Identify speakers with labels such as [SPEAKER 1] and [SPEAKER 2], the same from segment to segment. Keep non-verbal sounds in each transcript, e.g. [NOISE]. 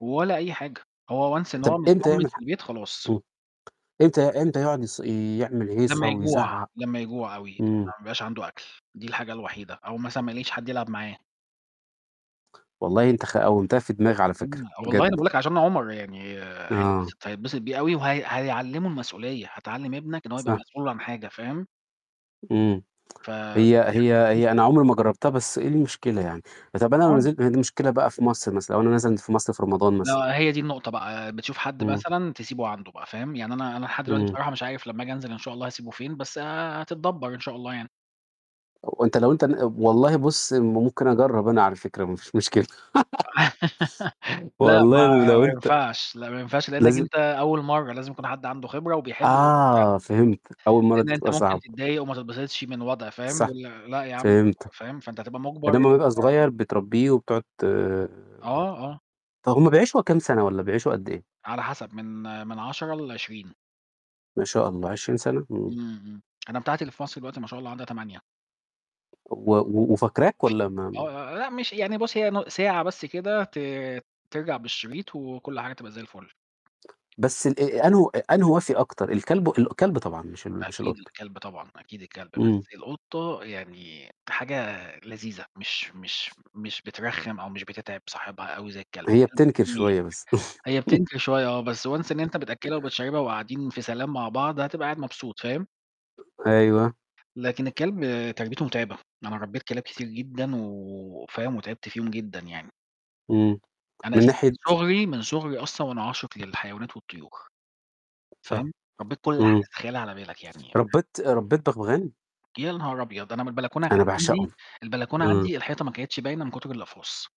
[SPEAKER 1] ولا أي حاجة، هو Once إن
[SPEAKER 2] طب
[SPEAKER 1] هو
[SPEAKER 2] امتى
[SPEAKER 1] متطمن
[SPEAKER 2] يعمل
[SPEAKER 1] في
[SPEAKER 2] حا
[SPEAKER 1] البيت، خلاص.
[SPEAKER 2] امم، امتى امتى يقعد يص يعمل هيصة
[SPEAKER 1] لمّا يجوع
[SPEAKER 2] ويزعق؟
[SPEAKER 1] لمّا يجوع أوي، لمّا
[SPEAKER 2] امم.
[SPEAKER 1] ما يبقاش عنده أكل، دي الحاجة الوحيدة أو مثلًا ما يلاقيش حد يلعب معاه.
[SPEAKER 2] والله انت خ قومتها في دماغي على
[SPEAKER 1] امم،
[SPEAKER 2] فكرة،
[SPEAKER 1] والله أنا
[SPEAKER 2] بجد.
[SPEAKER 1] باقولك عشان عمر يعني
[SPEAKER 2] آه.
[SPEAKER 1] هيتبسط هيتبسط بيه أوي، وها هيعلمه المسؤولية، هتعلم ابنك إن هو يبقى
[SPEAKER 2] صح.
[SPEAKER 1] مسؤول عن حاجة، فاهم؟
[SPEAKER 2] امم،
[SPEAKER 1] ف
[SPEAKER 2] هي
[SPEAKER 1] دي
[SPEAKER 2] هي
[SPEAKER 1] حاجة
[SPEAKER 2] هي
[SPEAKER 1] جميلة.
[SPEAKER 2] أنا عُمري ما جربتها بس إيه المشكلة يعني؟ طب أنا لو
[SPEAKER 1] آه.
[SPEAKER 2] نزلت هي دي مشكلة بقى في مصر مثلًا، لو أنا نزلت في مصر في رمضان.
[SPEAKER 1] آه، هي دي النقطة بقى، بتشوف حد
[SPEAKER 2] امم.
[SPEAKER 1] مثلًا تسيبه عنده بقى، فاهم؟ يعني أنا أنا لحد دلوقتي
[SPEAKER 2] امم.
[SPEAKER 1] بصراحة مش عارف لما آجي أنزل إن شاء الله هسيبُه فين، بس هتتدبر إن شاء الله يعني.
[SPEAKER 2] وأنت لو أنت ن والله بُص م ممكن أجرب أنا على فكرة ما فيش مشكلة. [LAUGHS]
[SPEAKER 1] [LAUGHS] لأ،
[SPEAKER 2] والله ولو
[SPEAKER 1] ما-ما
[SPEAKER 2] أنت
[SPEAKER 1] ينفعش، لأ، ما ينفعش، لأنك
[SPEAKER 2] لازم
[SPEAKER 1] أنت أول مرة، لازم يكون حد عنده خبرة، وبيحب ال [UNINTELLIGIBLE]
[SPEAKER 2] آه فهمت، أول مَرّة دي
[SPEAKER 1] لإن أنت
[SPEAKER 2] بتبقى
[SPEAKER 1] ممكن
[SPEAKER 2] صعبة.
[SPEAKER 1] تتضايق، وما تتبسطش من الوضع، فاهم؟
[SPEAKER 2] صح،
[SPEAKER 1] يقول لأ يا عم
[SPEAKER 2] فهمتك،
[SPEAKER 1] فاهم؟ فأنت هتبقى مُجبر
[SPEAKER 2] آدام وهو يبقى
[SPEAKER 1] [UNINTELLIGIBLE]
[SPEAKER 2] صغير بتربيه وبتقعد ت
[SPEAKER 1] آه، آه.
[SPEAKER 2] طب هم بيعيشوا كام سنة والَّا بيعيشوا قد إيه؟
[SPEAKER 1] على حسب، من من 10 ل20.
[SPEAKER 2] ما شاء الله، 20 سنة؟! امم.
[SPEAKER 1] امم، امم، أنا بتاعتي اللي في مصر دلوقتي ما شاء الله عندها 8.
[SPEAKER 2] و و وفكراك؟ والّا ما ما
[SPEAKER 1] آه، آه، لأ، مش يعني بُص هي نـُ ساعة بس كده، ت ترجع بالشريط، وكُلّ حاجة تبقى زي الفُل.
[SPEAKER 2] بس ال آآ أنهو أنهو وفي أكتر؟ الكلب و الكلب طبعًا، مش ال مش
[SPEAKER 1] أكيد
[SPEAKER 2] القُطة.
[SPEAKER 1] الكلب طبعًا، أكيد الكلب بس،
[SPEAKER 2] امم.
[SPEAKER 1] القُطة يعني حاجة لذيذة، مش مش مش بترخِم أو مش بتتعب صاحبها أوي زي الكلب،
[SPEAKER 2] هي
[SPEAKER 1] الكلب
[SPEAKER 2] بتنكر
[SPEAKER 1] بي
[SPEAKER 2] شوية بس.
[SPEAKER 1] هي
[SPEAKER 2] [LAUGHS]
[SPEAKER 1] بتنكر شوية آه، بس Once إن أنت بتأكلها وبتشربها وقاعدين في سلام مع بعض، هتبقى قاعد مبسوط، فاهم؟
[SPEAKER 2] أيوه.
[SPEAKER 1] لكن الكلب تربيتُه مُتعبة، أنا ربيت كلاب كتير جدًا، و فاهم؟ وتعبت فيهم جدًا يعني.
[SPEAKER 2] امم،
[SPEAKER 1] أنا
[SPEAKER 2] من
[SPEAKER 1] أساسًا من
[SPEAKER 2] ناحية؟
[SPEAKER 1] صُغري من صُغري أصلًا وأنا عاشق للحيوانات والطيور،
[SPEAKER 2] صح،
[SPEAKER 1] فاهم؟ ربيت كُلّ حاجة
[SPEAKER 2] امم.
[SPEAKER 1] تتخيلها على بالك يعني، فاهم؟
[SPEAKER 2] ربيت ربيت بغبغان؟
[SPEAKER 1] يا نهار أبيض! أنا من البلكونة كان
[SPEAKER 2] أنا باعشقهم،
[SPEAKER 1] عندي البلكونة
[SPEAKER 2] امم.
[SPEAKER 1] عندي، الحيطة ما كانتش باينة من كُتر الأقفاص.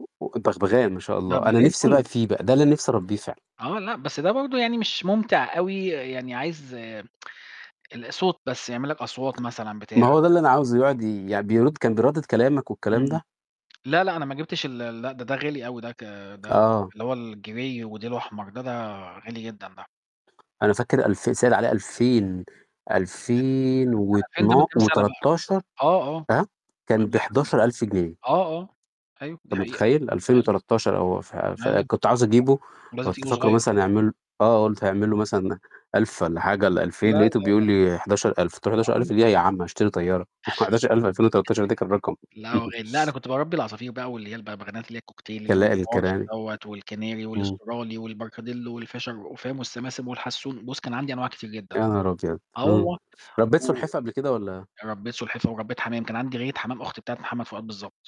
[SPEAKER 2] و و البغبغان ما شاء
[SPEAKER 1] لأ،
[SPEAKER 2] الله،
[SPEAKER 1] ده
[SPEAKER 2] أنا
[SPEAKER 1] غير
[SPEAKER 2] نفسي
[SPEAKER 1] كُلّه.
[SPEAKER 2] بقى فيه بقى، ده اللي أنا نفسي أربيه فعلًا.
[SPEAKER 1] آه، لأ، بس ده برضو يعني مش مُمتع أوي، يعني عايز [TSK] الصوت بس، يعمل لك أصوات مثلًا
[SPEAKER 2] ما
[SPEAKER 1] بتاع.
[SPEAKER 2] هو ده
[SPEAKER 1] [UNINTELLIGIBLE]
[SPEAKER 2] اللي أنا عاوزه، يقعد ي يعني بيرد، كان بيردد كلامك والكلام
[SPEAKER 1] امم،
[SPEAKER 2] ده.
[SPEAKER 1] لأ، لأ، أنا ما جبتش ال لأ، ده، ده غالي أوي ده ك ده
[SPEAKER 2] آه.
[SPEAKER 1] اللي هو الGrey وديلُه أحمر، ده ده غالي جدًا ده.
[SPEAKER 2] أنا فاكر ألف سائل عليه ألفين
[SPEAKER 1] لأ،
[SPEAKER 2] ألفين
[SPEAKER 1] [UNINTELLIGIBLE] فاهم، دي من
[SPEAKER 2] واتنا
[SPEAKER 1] كام سنة بقى،
[SPEAKER 2] وتلتاشر،
[SPEAKER 1] آه، آه،
[SPEAKER 2] ها؟
[SPEAKER 1] من
[SPEAKER 2] كان
[SPEAKER 1] قبل كام
[SPEAKER 2] ب11.000 جنيه.
[SPEAKER 1] آه، آه، أيوه، دي
[SPEAKER 2] أنت
[SPEAKER 1] حقيقة،
[SPEAKER 2] مُتخيل؟ ألفين
[SPEAKER 1] أيوه.
[SPEAKER 2] وتلتاشر أو ف ف
[SPEAKER 1] آه،
[SPEAKER 2] كنت عاوز أجيبُه،
[SPEAKER 1] ولازم
[SPEAKER 2] كنت
[SPEAKER 1] تجيبه
[SPEAKER 2] فاكرُه
[SPEAKER 1] صغير.
[SPEAKER 2] مثلًا يعمل آه قُلت هيعملُه مثلًا 1.000 والّا حاجة، والّا
[SPEAKER 1] لأ،
[SPEAKER 2] 2.000 لقيتُه
[SPEAKER 1] لأ،
[SPEAKER 2] بيقول
[SPEAKER 1] لأ.
[SPEAKER 2] لي 11.000 قُلت له: "11.000
[SPEAKER 1] [UNINTELLIGIBLE]
[SPEAKER 2] ليه يا عم؟ هاشتري طيارة؟!" 11000 في 2013 ده كان رقم.
[SPEAKER 1] [CHUCKLES] لا هو
[SPEAKER 2] [CHUCKLES]
[SPEAKER 1] غالي، لأ، أنا كنت باربي العصافير بقى، واللي هي البغبغانات اللي هي الكوكتيل اللي هو
[SPEAKER 2] كلائل
[SPEAKER 1] الParrot
[SPEAKER 2] الكناري.
[SPEAKER 1] دوّة، والCanary،
[SPEAKER 2] امم.
[SPEAKER 1] والAustrali، وال Parakeet، والFisher، فاهم؟ والSiskin، والHasson، بُص، كان عندي أنواع كتير جدًا.
[SPEAKER 2] يا نهار أبيض!
[SPEAKER 1] آه
[SPEAKER 2] امم،
[SPEAKER 1] والله،
[SPEAKER 2] ربيت
[SPEAKER 1] و
[SPEAKER 2] سُلحفاة قبل كده والّا
[SPEAKER 1] وربيت سُلحفاة وربيت حمام، كان عندي غية حمام، أُخت بتاعة محمد فؤاد بالضبط.